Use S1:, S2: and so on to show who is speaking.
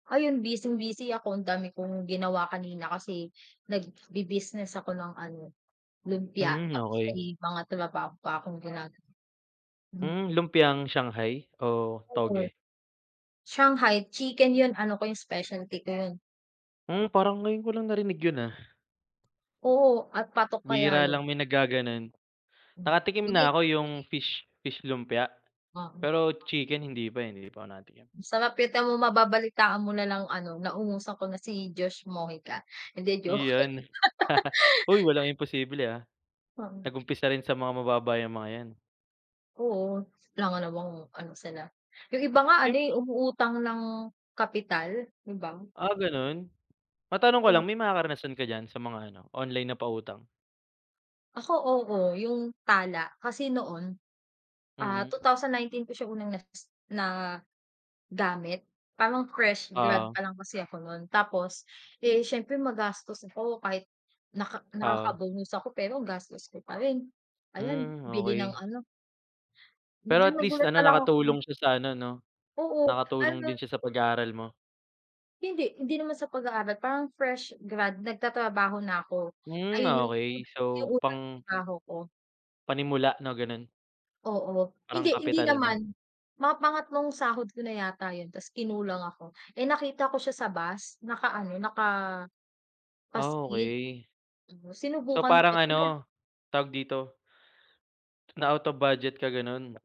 S1: Ayun, bising-busy ako, ang dami kong ginawa kanina kasi nagbibusiness ako ng ano, lumpia,
S2: Hmm,
S1: tapos
S2: okey.
S1: may mga trabaho pa akong ginagawa, mm.
S2: Hmm, lumpiang Shanghai o
S1: oo, eh.
S2: toge?
S1: Shanghai chicken, 'yun ano ko yung specialty ko 'yun.
S2: Hmm, parang ngayon ko lang narinig 'yun, ah.
S1: Oo at patok kaya
S2: Bihira
S1: 'yun.
S2: lang may naggagano'n,
S1: Hmm,.
S2: nakatikim na
S1: [unintelligible]
S2: ako yung fish, fish lumpia,
S1: Oo.
S2: pero chicken hindi pa, eh, hindi pa ako nakatikim.
S1: Sapilitan mong mababalitaan mo na lang ano, naungusan ko na si Josh Mojica, hindi, joke.
S2: Yon. Hoy, walang imposible, ah.
S1: Oo.
S2: Nag-umpisa rin sa mga mababa yang mga yan.
S1: Oo, alangan namang ano sila, yung iba nga
S2: Yung
S1: ano, umuutang ng kapital, 'di ba?
S2: Ah, gano'n? Matanong ko lang,
S1: Mm.
S2: may mga karanasan ka diyan sa mga ano, online na pautang.
S1: Ako, oo, yung Tala kasi noon, ah, two
S2: Mm.
S1: thousand nineteen pa siya unang na pis na gamit. Parang fresh grad
S2: Oo.
S1: pa lang kasi ako no'n, tapos, eh, siyempre magastos ako, kahit naka
S2: Oo.
S1: nakaka-bonus ako pero ang gastos ko pa rin, ayan,
S2: Hmm,
S1: bili ng
S2: okey.
S1: ano.
S2: Pero
S1: Minsan
S2: at least
S1: nagulat
S2: ano,
S1: na lang ako.
S2: nakatulong siya sa ano 'no,
S1: Oo,
S2: nakatulong
S1: ano
S2: din siya sa pag-aaral mo.
S1: Hindi, hindi naman sa pag-aaral, parang fresh grad, nagtatrabaho na ako.
S2: Hmm,
S1: Ayun yung,
S2: okey. So
S1: yung unang
S2: pang
S1: trabaho ko.
S2: Panimula 'no, gano'n.
S1: Oo,
S2: Parang
S1: hindi hindi
S2: kapital mo.
S1: naman, mga pangatlong sahod ko na yata 'yun, ta's kinulang ako eh, nakita ko siya sa bus naka-ano, naka
S2: Ah,
S1: paskil,
S2: okey.
S1: tapos
S2: So,
S1: sinubukan ko
S2: parang
S1: [unintelligible]
S2: ano, tawag dito? Na out of budget ka gano'n.